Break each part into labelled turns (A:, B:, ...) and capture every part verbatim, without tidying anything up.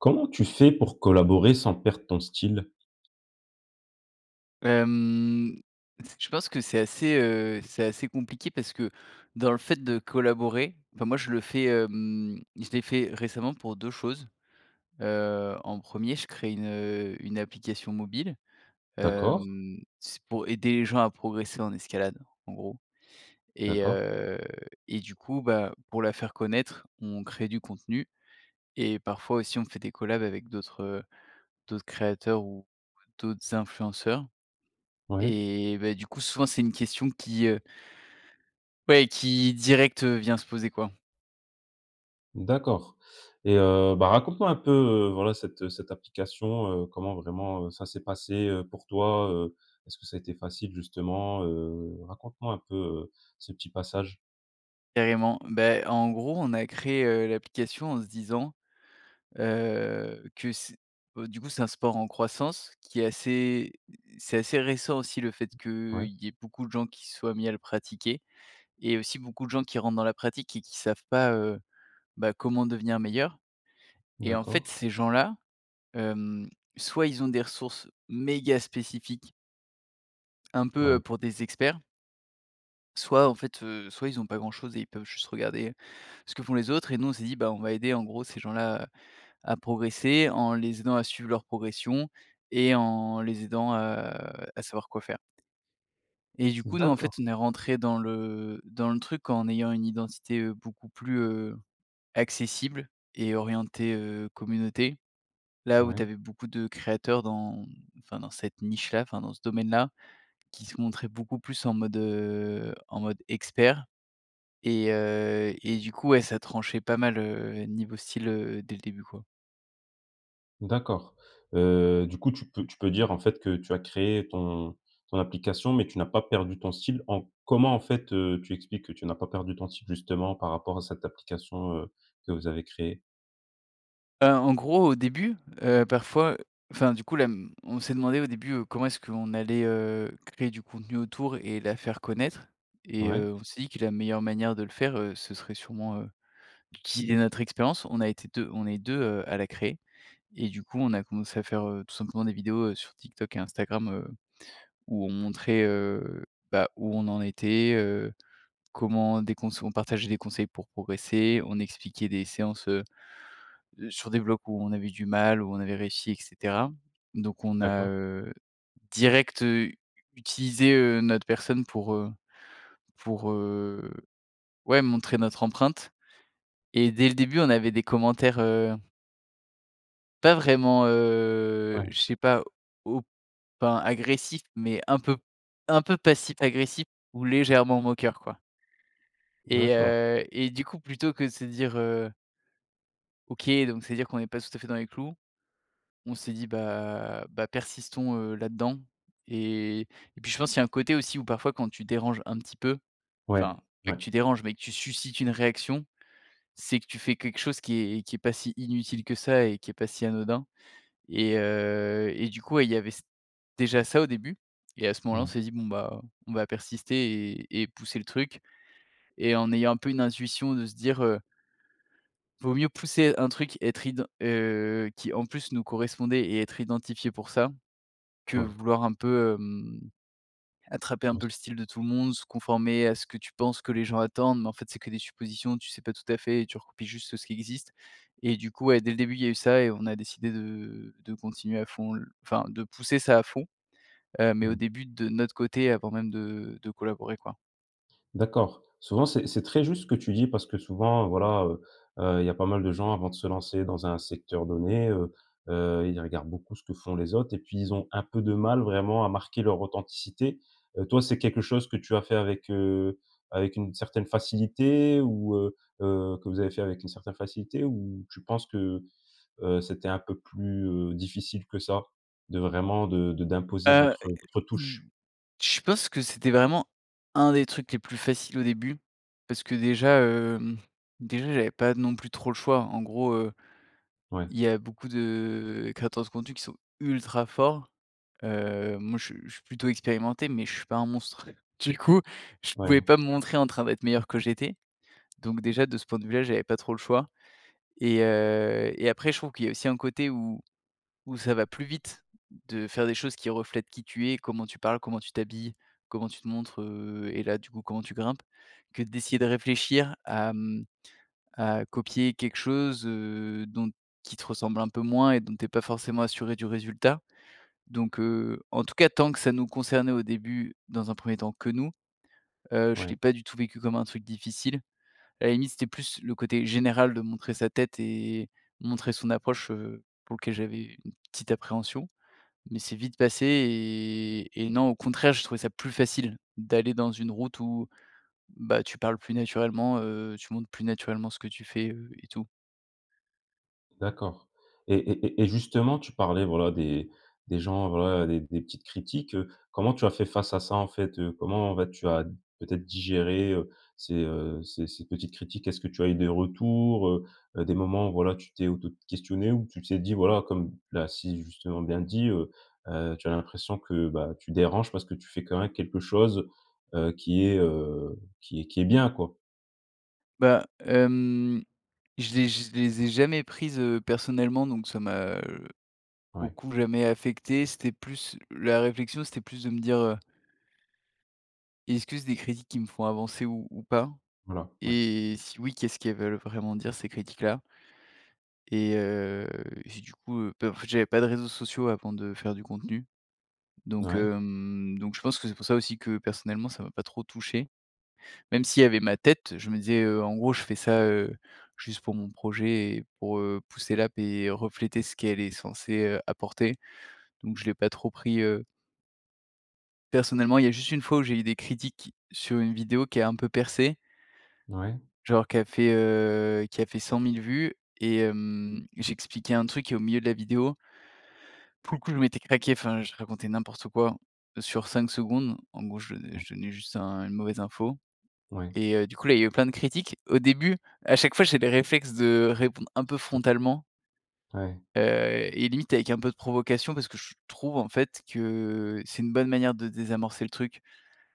A: Comment tu fais pour collaborer sans perdre ton style?
B: Hem, je pense que c'est assez, heu, c'est assez compliqué parce que, dans le fait de collaborer, enfin moi je le fais, hem, je l'ai fait récemment pour deux choses. Heu, en premier, je crée une, heu, une application mobile.
A: D’accord.
B: Hem, c'est pour aider les gens à progresser en escalade, en gros. Et
A: D’accord.
B: heu, et du coup, bah, pour la faire connaître, on crée du contenu. Et parfois aussi on fait des collab avec d'autres, heu, d'autres créateurs ou ouais, d'autres influenceurs
A: Ouais.
B: et bah, du coup, souvent c'est une question qui, heu ouais, qui direct, heu, vient se poser quoi.
A: D'accord. Et heu, bah, raconte-moi un peu, heu, voilà, cette, heu, cette application, heu, comment vraiment, heu, ça s'est passé, heu, pour toi, heu? Est-ce que ça a été facile justement, heu? Raconte-moi un peu, heu, ce petit passage.
B: Carrément. Bah, en gros on a créé, heu, l'application en se disant, heu, que c heu, du coup, c'est un sport en croissance qui est assez, c'est assez récent aussi le fait qu’il
A: Ouais.
B: y ait beaucoup de gens qui se soient mis à le pratiquer. Et aussi beaucoup de gens qui rentrent dans la pratique et qui savent pas, heu, bah comment devenir meilleurs. Et en fait,
A: D’accord.
B: ces gens-là, hem, soit ils ont des ressources méga spécifiques un peu heu,
A: Ouais.
B: pour des experts soit en fait, heu, soit ils ont pas grand-chose et ils peuvent juste regarder ce que font les autres. Et nous, on s'est dit bah, on va aider, en gros, ces gens-là à à progresser. En les aidant à suivre leur progression et en les aidant, heu, à savoir quoi faire. Et du coup, nous en fait,
A: D'accord.
B: on est rentrés dans le, heu, dans le truc en ayant une identité, heu, beaucoup plus, heu, accessible et orientée, heu, communauté. Là où tu
A: Ouais.
B: avais beaucoup de créateurs dans enfin dans cette niche là, enfin, dans ce domaine là, qui se montraient beaucoup plus en mode, heu, en mode expert. Et heu, et du coup, ouais, ça tranchait pas mal, heu, niveau style, heu, dès le début quoi.
A: D'accord. Heu, du coup, tu peux tu peux dire, en fait, que tu as créé ton ton application, mais tu n'as pas perdu ton style en comment en fait, heu, tu expliques que tu n'as pas perdu ton style, justement, par rapport à cette application, heu, que vous avez créée?
B: Heu, en gros, au début, heu, parfois, enfin du coup là, mmh, on s'est demandé au début comment est-ce qu'on allait, heu, créer du contenu autour et la faire connaître et,
A: Ouais.
B: heu, on s'est dit que la meilleure manière de le faire, heu, ce serait sûrement, heu, d'utiliser notre expérience. On a été deux, on est deux, heu, à la créer. Et du coup on a commencé à faire, heu, tout simplement des vidéos, heu, sur TikTok et Instagram, heu, où on montrait, heu, bah où on en était heu, comment dès qu'on s on partageait des conseils pour progresser, on expliquait des séances, heu, heu, sur des blocs où on avait du mal, où on avait réussi et cetera. Donc on a,
A: D'accord.
B: heu, direct, heu, u utilisé, heu, notre personne pour, heu pour, heu, ouais montrer notre empreinte et dès le début on avait des commentaires, heu pas vraiment, heu,
A: Ouais.
B: je sais pas, au pas agressifs mais un peu un peu passif-agressif ou légèrement moqueur quoi et
A: D'accord.
B: heu et du coup plutôt que de se dire: «heu OK, donc, c'est-à-dire qu'on est pas tout à fait dans les clous». On s'est dit: «bah bah, persistons, heu, là-dedans» et et puis je pense, il y a un côté aussi où, parfois, quand tu déranges un petit peu,
A: Ouais.
B: enfin, pas
A: Ouais.
B: que tu déranges mais que tu suscites une réaction, c'est que tu fais quelque chose qui est qui est pas si inutile que ça et qui est pas si anodin et heu et du coup, il y avait ç déjà ça au début, et à ce moment-là, on
A: Non.
B: s'est dit: «bon bah, on va persister et et pousser le truc», et en ayant un peu une intuition de se dire: «Heu vaut mieux pousser un truc, être iden heu, qui, en plus, nous correspondait et être identifié pour ça», que
A: Ouais.
B: vouloir un peu, hem, attraper un
A: Non
B: peu
A: c
B: le style de tout le monde, se conformer à ce que tu penses, ce que les gens attendent, mais en fait c'est que des suppositions, tu sais pas tout à fait et tu recopies juste ce qui existe, et du coup, ouais, dès le début il y a eu ça et on a décidé de, heu, de continuer à fond. Enfin, de pousser ça à fond. Heu, mais
A: Ouais.
B: au début, de notre côté avant même de, heu, de collaborer quoi.
A: D'accord. Souvent, c'est c'est très juste ce que tu dis, parce que souvent, voilà, heu, heu, il y a pas mal de gens avant de se lancer dans un secteur donné, heu, heu, ils regardent beaucoup ce que font les autres et puis, ils ont un peu de mal, vraiment, à marquer leur authenticité. Heu, toi, c'est quelque chose que tu as fait avec, heu, avec une certaine facilité ou, heu, heu, que vous avez fait avec une certaine facilité ou tu penses que, heu, heu, c'était un peu plus, heu, difficile que ça? De vraiment de de d'imposer
B: Heu,
A: votre, heu, votre
B: mmh.
A: touche.
B: Je pense que c'était vraiment un des trucs les plus faciles au début. Parce que déjà, heu. Mmh. Déjà j'avais pas non plus trop le choix en gros, heu,
A: Ouais.
B: il y a beaucoup de, heu, créateurs de contenus qui sont ultra forts. Heu, moi je suis je suis plutôt expérimenté mais je suis pas un monstre. Du coup, je pouvais
A: Ouais.
B: pas me montrer en train d'être meilleur que j'étais. Donc déjà, de ce point de vue là, j'avais pas trop le choix et heu et après je trouve qu'il y a aussi un côté où où ça va plus vite de faire des choses qui reflètent qui tu es, comment tu parles, comment tu t'habilles, comment tu te montres, heu, et là du coup comment tu grimpes. Que d'essayer de réfléchir à, mmh, à copier quelque chose, heu, dont qui te ressemble un peu moins et dont tu es pas forcément assuré du résultat. Donc, heu, en tout cas tant que ça nous concernait, au début, dans un premier temps, que nous, heu, je
A: Ouais.
B: l'ai pas du tout vécu comme un truc difficile, à la limite c'était plus le côté général de montrer sa tête et montrer son approche, heu, pour lequel j'avais une petite appréhension, mais c'est vite passé et et non au contraire je trouvais ça plus facile d'aller dans une route où, bah, tu parles plus naturellement, heu, tu montres plus naturellement ce que tu fais, heu et tout.
A: D'accord et et et et justement, tu parlais voilà, des des gens voilà, des des petites critiques, heu. Comment tu as fait face à ça en fait, heu? Comment, bah, tu as peut-être digéré, heu, ces, heu, ces ces petites critiques? Est-ce que tu as eu des retours, heu, heu, des moments où voilà, tu t'es auto-questionné ou tu t'es dit voilà, comme là, si, justement bien dit, heu, heu, tu as l'impression que, bah, tu déranges parce que tu fais quand même quelque chose, heu, qui est, heu, qui est qui est bien quoi.
B: Bah, hem, je les je les ai jamais prises, heu, personnellement, donc ça m'a,
A: Ouais.
B: beaucoup, jamais affecté. C'était plus, la réflexion, c'était plus de me dire: «Heu est-ce que c'est des critiques qui me font avancer ou ou pas?
A: Voilà, ouais.
B: Et, si oui, qu'est-ce qu'elles veulent vraiment dire ces critiques-là?». Et heu, j'ai du coup, heu, bah, en fait j'avais pas de réseaux sociaux avant de faire du contenu, donc,
A: Ouais.
B: hem, donc je pense que c'est pour ça aussi que personnellement ça m'a pas trop touché. Même s'il y avait ma tête, je me disais, heu, en gros je fais ça, heu, juste pour mon projet et pour, heu, pousser l'app et refléter ce qu'elle est censée, heu, apporter, donc je l'ai pas trop pris, heu Personnellement il y a juste une fois où j'ai eu des critiques sur une vidéo qui a un peu percé.
A: Ouais.
B: Genre qui a fait, heu, qui a fait cent mille vues et hem, j'expliquais un truc qui est au milieu de la vidéo. Pour le coup je m'étais craqué, enfin je racontais n'importe quoi sur cinq secondes, en gros je do
A: Mmh.
B: je donnais juste un une mauvaise info.
A: Ouais.
B: Et heu, du coup là il y a eu plein de critiques. Au début à chaque fois j'ai des réflexes de répondre un peu frontalement.
A: Ouais.
B: Heu et limite avec un peu de provocation parce que je trouve en fait que c'est une bonne manière de désamorcer le truc.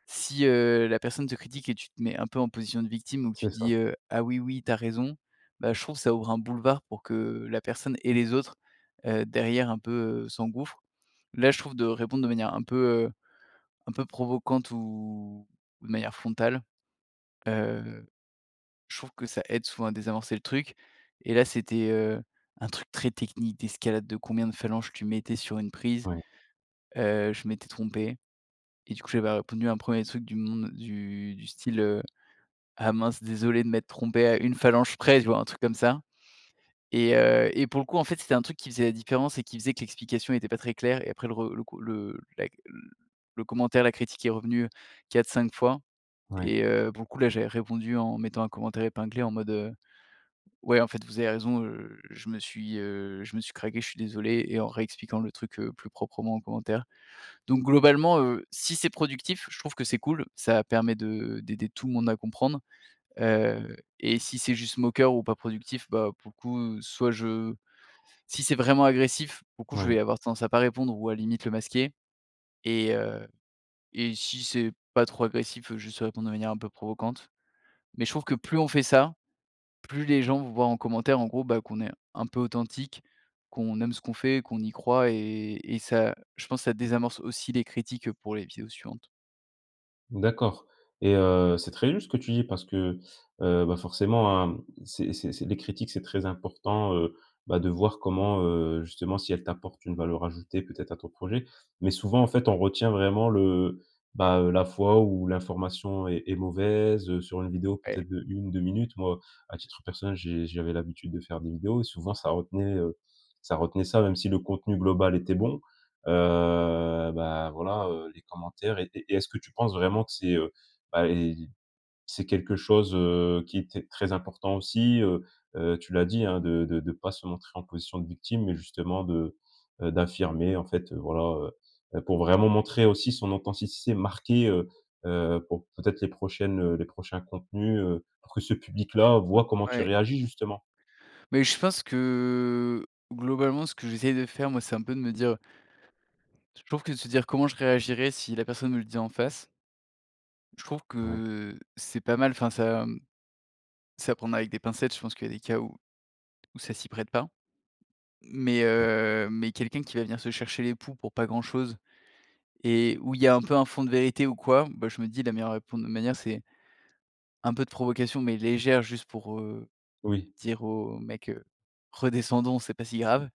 B: Si, heu, la personne te critique et tu te mets un peu en position de victime donc tu
A: C'est ça.
B: dis, heu: «Ah oui oui, tu as raison», bah, je trouve ça ouvre un boulevard pour que la personne et les autres, heu, derrière un peu s'engouffrent. Là je trouve de répondre de manière un peu, heu, un peu provocante ou de manière frontale, heu, je trouve que ça aide souvent à désamorcer le truc. Et là c'était, heu, un truc très technique, d'escalade de combien de phalanges tu mettais sur une prise,
A: Ouais.
B: heu, je m'étais trompé, et du coup j'avais répondu un premier truc du monde du du style, heu: «Ah mince désolé de m'être trompé à une phalange près», tu vois? Un truc comme ça. Et heu, et pour le coup en fait c'était un truc qui faisait la différence et qui faisait que l'explication était pas très claire et après le re le cou le la le commentaire, la critique est revenue, heu, quatre-cinq fois.
A: Ouais.
B: Et, heu, beaucoup, là j'avais répondu en mettant un commentaire épinglé en mode, heu: «Ouais en fait vous avez raison, heu, je me suis, heu, je me suis craqué, je suis désolé» et en réexpliquant le truc, heu, plus proprement en commentaire. Donc globalement, heu, si c'est productif je trouve que c'est cool, ça permet de d'aider tout le monde à comprendre, heu, et si c'est juste moqueur ou pas productif, bah, pour le coup soit je si c'est vraiment agressif, pour le coup je
A: Ouais.
B: vais avoir tendance à pas répondre ou à limite le masquer. Et heu, et si c'est pas trop agressif, heu, juste répondre de manière un peu provocante. Mais je trouve que plus on fait ça, plus les gens voient en commentaire en gros, bah, qu'on est un peu authentique, qu'on aime ce qu'on fait, qu'on y croit et et ça je pense ça désamorce aussi les critiques pour les vidéos suivantes.
A: D'accord et, heu, c'est très juste ce que tu dis parce que, heu, bah, forcément, hein, c’est c’est c’est des critiques, c'est très important, heu, bah, de voir comment, heu justement, si elles t'apportent une valeur ajoutée, peut-être, à ton projet. Mais souvent, en fait, on retient vraiment le, bah, heu, la fois où l'information est est mauvaise, heu, sur une vidéo
B: Ouais.
A: peut-être d'une ou deux minutes. Moi, à titre personnel, j’ai j'avais l'habitude de faire des vidéos, et souvent, ça retenait, heu, ça retenait ça, même si le contenu global était bon, heu, bah, voilà, heu, les commentaires étaient et est-ce que tu penses vraiment que c'est, heu, bah et j c'est quelque chose, heu, qui était très important aussi, heu, heu, tu l'as dit, hein, de de de pas se montrer en position de victime mais justement de, heu, d'affirmer en fait, heu, voilà, heu, heu, pour vraiment montrer aussi son authenticité marquée, heu, heu, pour, peut-être les prochaines, heu les prochains contenus, heu, pour que ce public-là voie comment tu
B: Ouais.
A: réagis, justement.
B: Mais je pense que globalement, ce que j'essaie de faire, moi, c'est un peu de me dire Je trouve que de se dire: «Comment je réagirais si la personne me le dit en face?» je trouve
A: Ouais.
B: que c'est pas mal, enfin ça, mmh, c'est à prendre avec des pincettes, je pense qu'il y a des cas où où ça s'y prête pas. Mais,
A: D'accord.
B: heu, mais quelqu'un qui va venir se chercher les poux pour pas grand-chose et où il y a un peu un fond de vérité ou quoi, bah, je me dis: «La meilleure répondre de manière, c’est un peu de provocation, mais légère», juste pour, heu,
A: Oui.
B: dire au mec, heu: «Redescendons, c’est pas si grave.»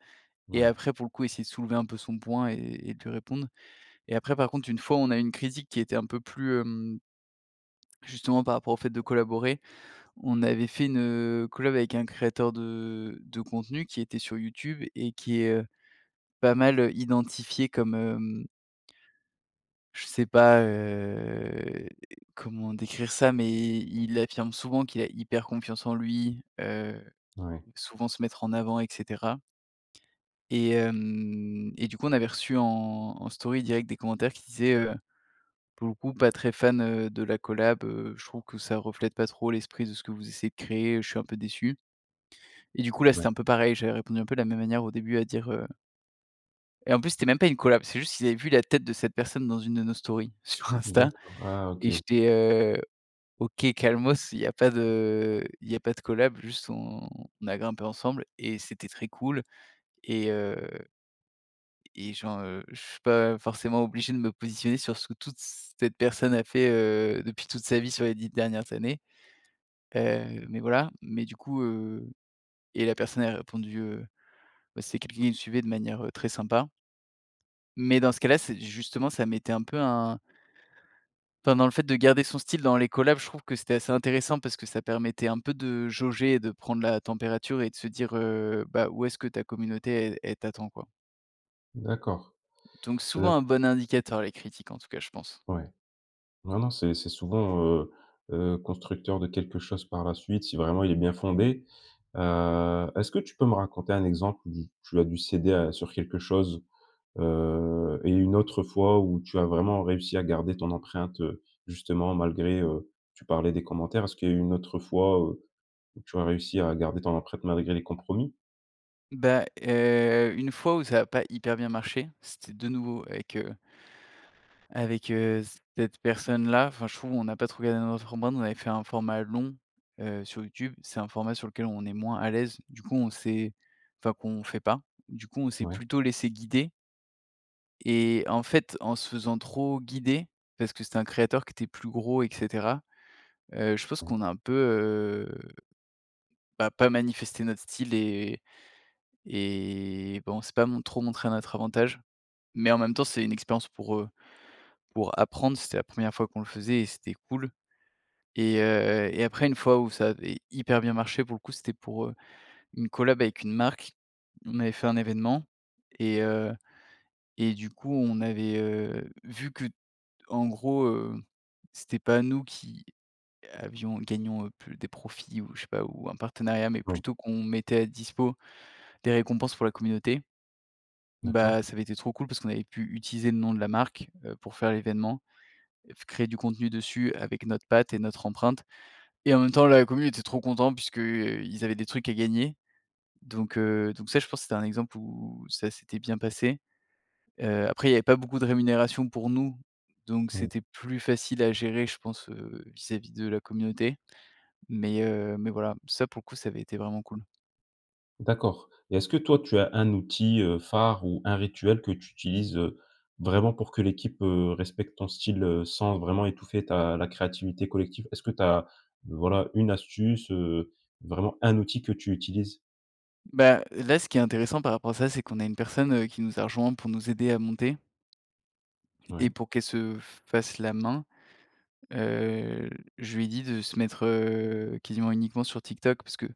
B: et
A: Ouais.
B: après, pour le coup, essayer de soulever un peu son poing et et et de lui répondre et après, par contre, une fois on a eu une critique qui était un peu plus, hem justement, par rapport au fait de collaborer, on avait fait une, heu, collab avec un créateur de de contenu qui était sur YouTube et qui est, heu, pas mal, heu, identifié comme, hem je sais pas, heu, comment décrire ça mais i il affirme souvent qu'il a hyper confiance en lui, heu,
A: Ouais.
B: souvent se mettre en avant et cetera et hem, et du coup on avait reçu en en story direct des commentaires qui disaient, heu: «Pour le coup pas très fan, heu, de la collab, heu, je trouve que ça reflète pas trop l'esprit de ce que vous essayez de créer, je suis un peu déçu.» et du coup, là
A: Ouais.
B: c'était un peu pareil, j'avais répondu un peu de la même manière au début à dire, heu et en plus c'était même pas une collab, c'est juste qu'ils avaient vu la tête de cette personne dans une de nos stories sur Insta,
A: D'accord. Ah,
B: et
A: OK!
B: j'étais, heu: «OK calmos, il y a pas de il y a pas de collab, juste on a grimpé ensemble et c'était très cool.» et heu et genre, heu, je suis pas forcément obligé de me positionner sur ce que toute cette personne a fait, heu, depuis toute sa vie sur les dix dernières années. Heu, mais voilà. Mais du coup, heu et la personne a répondu, heu bah, c'est quelqu'un qui me suivait de manière, heu, très sympa. Mais dans ce cas-là c'est justement ça mettait un peu un enfin, dans le fait de garder son style dans les collab, je trouve que c'était assez intéressant parce que ça permettait un peu de jauger et de prendre la température et de se dire, heu, bah: «Où est-ce que ta communauté el elle t’attend, quoi.»
A: D'accord.
B: Donc souvent
A: Heu
B: un bon indicateur les critiques en tout cas je pense.
A: Ouais. Non non, c'est c'est souvent, heu, heu, constructeur de quelque chose par la suite, si vraiment il est bien fondé, heu, est-ce que tu peux me raconter un exemple où tu as dû céder à sur quelque chose, heu et une autre fois, où tu as vraiment réussi à garder ton empreinte, heu, justement malgré, heu, tu parlais des commentaires, est-ce qu'il y a une autre fois, heu, où tu as réussi à garder ton empreinte malgré les compromis?
B: Bah, heu, une fois où ça a pas hyper bien marché, c'était de nouveau avec, heu avec, heu, c cette personne-là, enfin, je trouve on n'a pas trouvé [unintelligible] format, on avait fait un format long, heu, sur YouTube, c'est un format sur lequel on est moins à l'aise, du coup on s'est enfin qu'on fait pas, du coup on s'est
A: Ouais.
B: plutôt laissé guider. Et en fait, en se faisant trop guider, parce que c'était un créateur qui était plus gros et cetera, heu, je pense
A: Mmh.
B: qu'on a un peu, heu, bah, pas manifesté notre style et et bon, on s'est pas mon trop montrés à notre avantage. Mais en même temps, c'est une expérience pour, heu, pour apprendre, c'était la première fois qu'on le faisait et c'était cool et heu, heu et après une fois où ça avait hyper bien marché, pour le coup, c'était pour, heu, une collab avec une marque, on avait fait un événement et heu et du coup on avait, heu, vu que en gros, heu, c'était pas nous qui avions gagnions, heu, plus des profits ou je sais pas, ou un partenariat, mais
A: Ouais.
B: plutôt qu'on mettait à dispo des récompenses pour la communauté,
A: D'accord.
B: bah, ça avait été trop cool, parce qu'on avait pu utiliser le nom de la marque, heu, pour faire l'événement, heu, f créer du contenu dessus avec notre patte et notre empreinte et même temps la commu était trop contente puisque, heu, ils avaient des trucs à gagner, donc, heu, donc ça, je pense que c'était un exemple, où où ça s'était bien passé, heu, après il y avait pas beaucoup de rémunération pour nous, donc
A: Oui.
B: c'était plus facile à gérer, je pense, heu, vis-à-vis de la communauté, mais, heu, mais voilà. Ça, pour le coup, ça avait été vraiment cool.
A: D'accord et est-ce que toi tu as un outil, heu, phare ou un rituel que tu utilises, heu, vraiment pour que l'équipe, heu, respecte ton style, heu, sans vraiment étouffer ta la créativité collective? Est-ce que tu as, voilà, une astuce, heu, vraiment un outil que tu utilises?
B: Bah, là, ce qui est intéressant par rapport à ça, c'est qu'on a une personne, heu, qui nous a rejoint pour nous aider à monter et
A: Ouais.
B: pour qu'elle se f fasse la main, heu, l je lui ai dit de se mettre, heu, quasiment uniquement sur TikTok parce que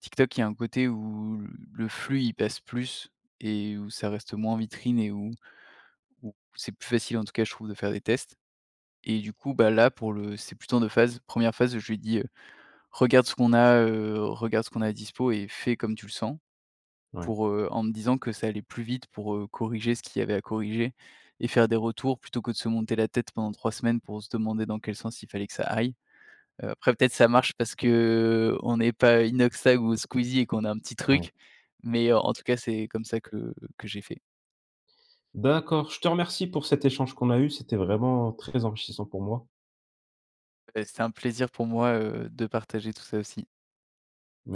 B: TikTok, il y a un côté où, le flux il passe plus et où ça reste moins vitrine et où où c'est plus facile, en tout cas je trouve, de faire des tests et du coup, bah, là pour le c'est plutôt en deux phases. première phase où je lui dis, heu: «Regarde ce qu'on a, heu, regarde ce qu'on a à dispo et fais comme tu le sens»
A: Ouais.
B: pour, heu en me disant que ça allait plus vite, pour, heu, corriger ce qu'il y avait à corriger et faire des retours, plutôt que de se monter la tête pendant trois semaines pour se demander dans quel sens il fallait que ça aille, heu, après peut-être ça marche parce qu'on n'est pas Inoxtag ou Squeezie et qu'on a un petit
A: Ouais.
B: truc, mais, heu, en tout cas c'est comme ça que que j'ai fait.
A: D'accord. Je te remercie pour cet échange qu'on a eu, c'était vraiment très enrichissant pour moi.
B: Bah, c'était un plaisir pour moi, heu, de partager tout ça aussi.
A: Me